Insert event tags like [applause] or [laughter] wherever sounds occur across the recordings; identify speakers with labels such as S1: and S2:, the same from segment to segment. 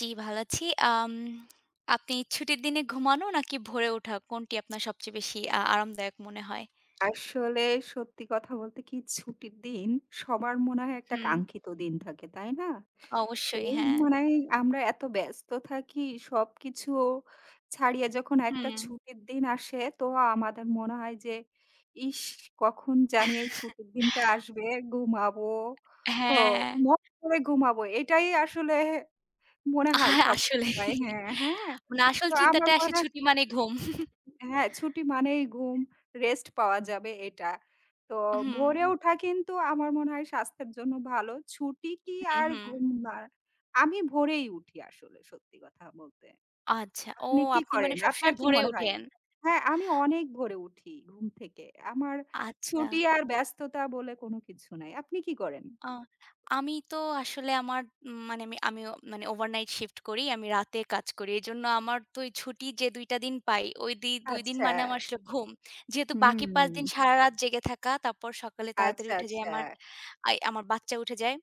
S1: জি ভালো আছি। আম আপনি ছুটির দিনে ঘুমানো নাকি ভোরে ওঠা, কোনটি আপনার সবচেয়ে বেশি আ আরামদায়ক মনে হয়?
S2: আসলে সত্যি কথা বলতে কি? ছুটির দিন সবার মনে হয় একটা
S1: হুম।
S2: কাঙ্ক্ষিত দিন থাকে, তাই না? তো
S1: অবশ্যই, হ্যাঁ।
S2: মানে আমরা এত ব্যস্ত থাকি সবকিছু ছাড়িয়ে যখন একটা
S1: হুম।
S2: ছুটির দিন আসে, তো আমাদের মনে হয় যে, "ইশ! কখন জানি এই ছুটির দিনটা
S1: [chuckles]
S2: আসবে? ঘুমাবো ও
S1: হ্যাঁ।
S2: মন ভরে ঘুমাবো।" এটাই আসলে মনে হয়
S1: আর
S2: সব
S1: আসলে,
S2: সময়। হ্যাঁ, হ্যাঁ।
S1: মানে আসল
S2: তো আমার
S1: চিন্তাটা আসে
S2: মনে
S1: ছুটি মানে ঘুম। [chuckles]
S2: হ্যাঁ, ছুটি মানেই ঘুম, রেস্ট পাওয়া যাবে এটা। তো
S1: হুম।
S2: ভোরে ওঠা কিন্তু আমার মনে হয় স্বাস্থ্যের জন্য ভালো। ছুটি কি
S1: হুম,
S2: আর
S1: হুম।
S2: ঘুম না? আমি ভোরেই উঠি আসলে সত্যি কথা বলতে।
S1: আচ্ছা, ও
S2: আপনি কি
S1: আপনি মানে
S2: করেন?
S1: সবসময়
S2: আপনার কি
S1: ভোরে
S2: মনে হয়?
S1: উঠেন?
S2: হ্যাঁ, আমি অনেক ভোরে উঠি ঘুম থেকে। আমার ছুটি
S1: আচ্ছা।
S2: আর ব্যস্ততা বলে কোন কিছু নাই। আপনি কি করেন?
S1: আ আমি তো আসলে আমার মানে আমি, আমি ও মানে ওভারনাইট শিফট করি। আমি রাতে কাজ করি। এজন্য আমার তো এই ছুটি যে ২ টা দিন পাই, ঐ দি ২ দিন মানে আমার
S2: আচ্ছা।
S1: আসলে ঘুম। যেহেতু বাকি ৫ দিন
S2: হুম।
S1: সারারাত জেগে থাকা, তারপর সকালে তাড়াতাড়ি
S2: আচ্ছা,
S1: উঠে যাই,
S2: আচ্ছা।
S1: আমার আই আমার বাচ্চা উঠে যায়।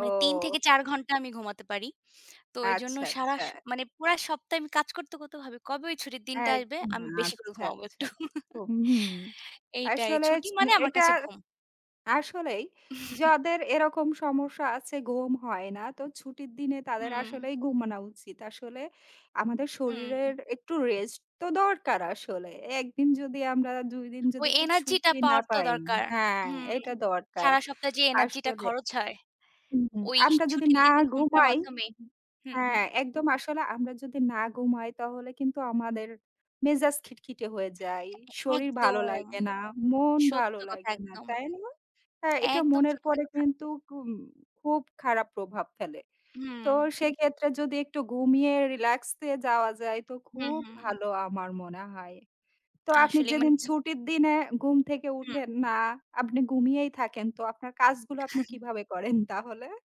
S1: মানে ৩ থেকে ৪ ঘণ্টা আমি ঘুমাতে পারি। তো এইজন্য
S2: আচ্ছা,
S1: সারা
S2: আচ্ছা।
S1: স মানে পুরা সপ্তাহ আমি কাজ করতে, করতে ভাবি, "কবে ওই ছুটির দিনটা আসবে?
S2: একদম,
S1: আমি বেশি করে
S2: আচ্ছা,
S1: ঘুমাবো
S2: আচ্ছা।
S1: একটু।" [laughs]
S2: হুম।
S1: এইটাই।
S2: আসলে
S1: ছুটি
S2: স
S1: মানে আমার
S2: এটা
S1: কাছে ঘুম।
S2: আসলেই
S1: [chuckles]
S2: যাদের এরকম সমস্যা আছে ঘুম হয় না, তো ছুটির দিনে তাদের
S1: হুম।
S2: আসলেই ঘুমানো উচিত। আসলে আমাদের
S1: উহুম।
S2: শরীরের একটু রেস্ট তো দরকার আসলে। একদিন যদি আমরা ২ দিন
S1: ঐ
S2: যদি একটু
S1: এনার্জি টা
S2: ছুটি না
S1: পাওয়ার তো
S2: পাই
S1: দরকার।
S2: হ্যাঁ,
S1: হুম।
S2: এটা দরকার
S1: সারা সপ্তাহে যে এনার্জি টা
S2: আসলে।
S1: খরচ হয়,
S2: হুম, হুম।
S1: ঐ
S2: আমরা যদি
S1: ছুটির
S2: না
S1: দিনে ঘুমটার
S2: ঘুমাই
S1: মাধ্যমে হুম, হুম।
S2: হ্যাঁ, একদম আসলে আমরা যদি না ঘুমাই তাহলে কিন্তু আমাদের মেজাজ খিটখিটে হয়ে যায়, শরীর ভালো
S1: একদম।
S2: লাগে না, মন
S1: সত্য
S2: ভালো
S1: কথা
S2: লাগে না,
S1: একদম।
S2: তাই না? হ্যাঁ, এটা
S1: একদম
S2: মনের
S1: সত্যি
S2: পরে
S1: কথা।
S2: কিন্তু খুব খুব খারাপ প্রভাব ফেলে। তো
S1: হুম।
S2: সেক্ষেত্রে যদি একটু ঘুমিয়ে রিল্যাক্সে যাওয়া যায় তো
S1: হুম,
S2: খুব
S1: হুম।
S2: ভালো আমার মনে হয়। তো আপনি
S1: আসলেই মানে
S2: যেদিন ছুটির দিনে ঘুম থেকে
S1: হুম।
S2: উঠেন না, আপনি ঘুমিয়েই থাকেন তো আপনার কাজগুলো আপনি
S1: [chuckles]
S2: কিভাবে করেন তাহলে?